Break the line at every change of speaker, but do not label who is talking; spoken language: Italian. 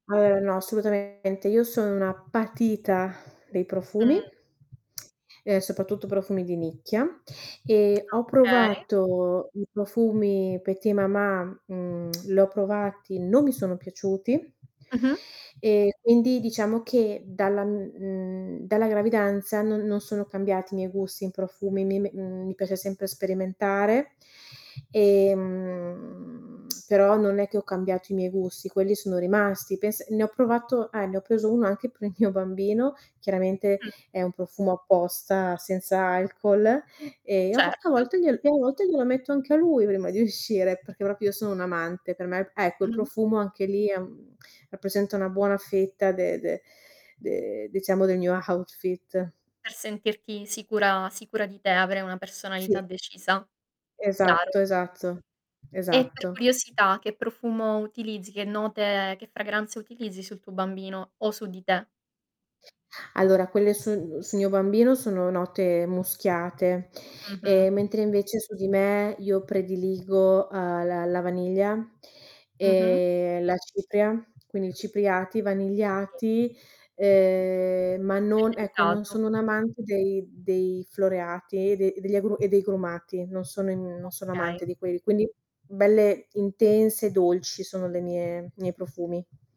Eh no, assolutamente, io sono una patita dei profumi.
Mh.
Ehm, soprattutto profumi di nicchia, e
Ah,
ho
okay.
provato i profumi Petits et Mamans, mhmm, li ho provati, non mi sono piaciuti.
Mh-mh.
E quindi, diciamo che dalla m mhmm, dalla gravidanza no non sono cambiati i miei gusti in profumi, mi mi mhmm mi piace sempre sperimentare, ehm, però non è che ho cambiato i miei gusti, quelli sono rimasti. Pens ne ho provato eh, ne ho preso uno anche per il mio bambino. Chiaramente,
Mh.
è un profumo apposta, senza alcol, e a vo a
Certo.
volte glie glielo metto glielo metto anche a lui prima di uscire, perché proprio sono un'amante, per me p ecco,
Mh-mh.
profumo anche lì è mhmm, rappresenta una buona fetta de de de diciamo del mio outfit
Per sentirti sicura sicura di te avrei una
Sì.
personalità decisa. Chiaro.
Esatto esatto.
E, per
Esatto.
curiosità, che profumo utilizzi, che note, che fragranze utilizzi sul tuo bambino o su di te?
Allora quelle su su mio bambino sono note muschiate.
Mh-mh.
Ehm, mentre, invece, su di me, io prediligo, ehm, la la vaniglia,
Mh-mh.
e la cipria, quindi i cipriati
Sì.
vanigliati, ehm, ma non ecco, non
[unintelligible]
sono un'amante dei dei floreati e de degli agru e dei agrumati, non sono in non sono
Okay.
amante di quelli quindi belle intense, dolci, sono le mie miei profumi.